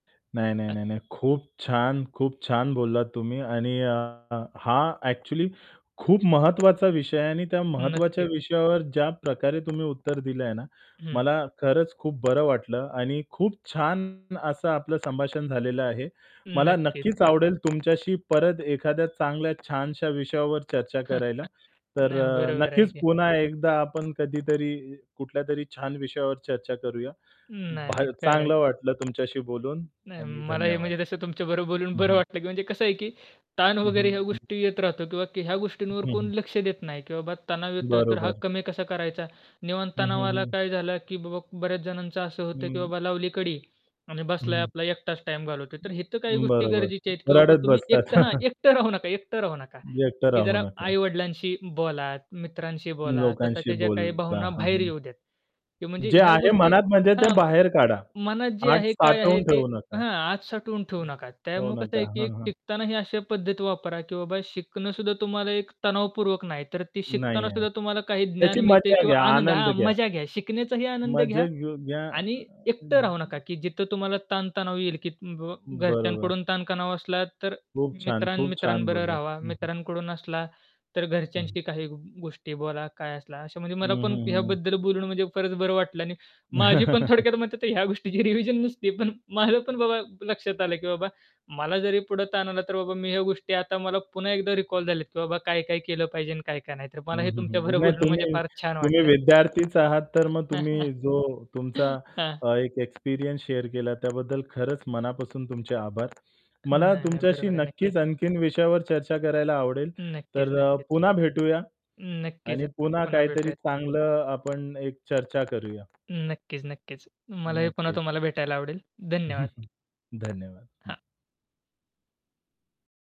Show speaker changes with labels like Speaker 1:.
Speaker 1: नाही, नाही,
Speaker 2: अ
Speaker 1: नाही, नाही. खूप छान! खूप छान! बोललात तुम्ही आणि अ, हा ॲक्च्युअली खूप महत्त्वाचा विषय आहे आणि त्या महत्त्वाच्या
Speaker 2: नक्कीच.
Speaker 1: विषयावर ज्या प्रकारे तुम्ही उत्तर दिलं आहे ना,
Speaker 2: हं.
Speaker 1: मला खरंच खूप बरं वाटलं आणि खूप छान. असं आपलं संभाषण. झालेलं आहे. मला
Speaker 2: नक्कीच.
Speaker 1: नक्कीच आवडेल तुमच्याशी परत एखाद्या चांगल्या छानशा विषयावर चर्चा करायला. तर
Speaker 2: नाही,
Speaker 1: अ,
Speaker 2: बरोबर आहे
Speaker 1: नक्कीच
Speaker 2: की.
Speaker 1: पुन्हा एकदा आपण कधीतरी कुठल्यातरी छान विषयावर चर्चा करूया.
Speaker 2: नाही, नाही.
Speaker 1: भा
Speaker 2: खरं आहे.
Speaker 1: चांगलं वाटलं तुमच्याशी बोलून.
Speaker 2: नाही
Speaker 1: आणि
Speaker 2: मला हे
Speaker 1: धन्यवाद.
Speaker 2: म्हणजे जसं तुमच्या बरोबर बोलून
Speaker 1: हं,
Speaker 2: बरं
Speaker 1: हं.
Speaker 2: वाटलं की म्हणजे कसं आहे की ताण
Speaker 1: हं,
Speaker 2: वगैरे, ह्या
Speaker 1: हं.
Speaker 2: गोष्टी येत राहतात किंवा ह्या
Speaker 1: हं,
Speaker 2: गोष्टींवर कोण
Speaker 1: हं.
Speaker 2: लक्ष देत नाही, की "बाबा तणाव येतोय, तर हा
Speaker 1: बरोबर.
Speaker 2: कमी कसा करायचा? निव्वळ
Speaker 1: हं, हं,
Speaker 2: तणावाला
Speaker 1: हं.
Speaker 2: काय झालं." की बाबा बऱ्याच जणांचं असं होतं, की
Speaker 1: हं.
Speaker 2: बाबा लावली कडी आणि बसलाय
Speaker 1: हं.
Speaker 2: आपला एकटाच टाईम घालवतोय. तर, हे तर काही गोष्टी
Speaker 1: बरोबर,
Speaker 2: गरजेच्या आहेत, की बाबा
Speaker 1: रडत
Speaker 2: तुम्ही
Speaker 1: बसतात.
Speaker 2: एकटं हां, एकटं राहू नका एकटं राहू नका.
Speaker 1: एकटं
Speaker 2: की
Speaker 1: राहू
Speaker 2: जरा
Speaker 1: नका.
Speaker 2: आई-वडिलांशी बोला, मित्रांशी बोला,
Speaker 1: लोकांशी
Speaker 2: स्वतःच्या ज्या काही
Speaker 1: बोला.
Speaker 2: भावना
Speaker 1: हं,
Speaker 2: बाहेर
Speaker 1: हं.
Speaker 2: येऊ द्यात. म्हणजे
Speaker 1: जे
Speaker 2: ह्या
Speaker 1: आहे
Speaker 2: गोष्टी
Speaker 1: मनात म्हणजे ते
Speaker 2: हां,
Speaker 1: बाहेर काढा.
Speaker 2: मनात जे
Speaker 1: आत
Speaker 2: आहे काय आहे
Speaker 1: साठवून
Speaker 2: ते
Speaker 1: ठेवू नका.
Speaker 2: हां, आत साठवून ठेवू नका.
Speaker 1: ठेवू
Speaker 2: त्यामुळे कसं
Speaker 1: नका.
Speaker 2: आहे की एक
Speaker 1: हां, हां.
Speaker 2: शिकतानाही अशा पद्धत वापरा, की बाबा शिकणं सुद्धा तुम्हाला एक तणावपूर्वक नाही, तर ती
Speaker 1: नाही
Speaker 2: शिकताना
Speaker 1: आहे.
Speaker 2: सुद्धा तुम्हाला काही ज्ञान
Speaker 1: त्याची
Speaker 2: मिळतंय
Speaker 1: मजा
Speaker 2: किंवा
Speaker 1: घ्या,
Speaker 2: आनंद
Speaker 1: आनंद
Speaker 2: हां,
Speaker 1: घ्या.
Speaker 2: मजा घ्या, शिकण्याचाही आनंद
Speaker 1: मजा
Speaker 2: घ्या.
Speaker 1: घ घ्या.
Speaker 2: आणि एकटं राहू नका की जिथं तुम्हाला ताणतणाव येईल, की बाबा
Speaker 1: बरोबर.
Speaker 2: घरच्यांकडून ताणतणाव असला, तर
Speaker 1: खूप छान,
Speaker 2: मित्रां
Speaker 1: खूप छान
Speaker 2: मित्रांबरोबर
Speaker 1: बोललात.
Speaker 2: राहावं.
Speaker 1: हं, हं.
Speaker 2: मित्रांकडून असला तर
Speaker 1: हं.
Speaker 2: घरच्यांशी काही गोष्टी बोला, काय असला अशा म्हणजे मला
Speaker 1: हं,
Speaker 2: पण
Speaker 1: हं, हं, हं.
Speaker 2: ह्याबद्दल बोलून म्हणजे फारच बरं वाटलं आणि माझी पण थोडक्यात मतं तर ह्या गोष्टीची रिव्हिजन नसती पण माझं पण बाबा लक्षात आलं, की बाबा मला जरी पुढे ताण आला तर बाबा मी ह्या गोष्टी आता मला पुन्हा एकदा रिकॉल झाल्यात, की बाबा काय-काय केलं पाहिजे, काय-काय नाही. तर मला
Speaker 1: हं,
Speaker 2: हे
Speaker 1: हं,
Speaker 2: तुमच्या
Speaker 1: हं. नाही
Speaker 2: बरोबरून म्हणजे
Speaker 1: तुम्ही,
Speaker 2: फार छान
Speaker 1: तुम्ही
Speaker 2: वाटलं.
Speaker 1: विद्यार्थीच आहात तर मग तुम्ही जो तुमचा
Speaker 2: हां.
Speaker 1: एक एक्सपिरियन्स शेअर केला त्याबद्दल खरंच मनापासून तुमचे आभार. मला
Speaker 2: नाही, नाही.
Speaker 1: तुमच्याशी
Speaker 2: बरोबर आहे. नक्कीच.
Speaker 1: नक्कीच आणखीन विषयावर चर्चा करायला आवडेल.
Speaker 2: नक्कीच.
Speaker 1: तर अ,
Speaker 2: नक्कीच.
Speaker 1: पुन्हा भेटूया.
Speaker 2: नक्कीच.
Speaker 1: आणि पुन्हा
Speaker 2: पुन्हा
Speaker 1: काहीतरी
Speaker 2: भेटूयात.
Speaker 1: चांगलं आपण एक चर्चा करूया.
Speaker 2: नक्कीच, नक्कीच. मलाही पुन्हा
Speaker 1: नक्कीच.
Speaker 2: तुम्हाला भेटायला आवडेल. धन्यवाद.
Speaker 1: धन्यवाद हं.
Speaker 2: हां.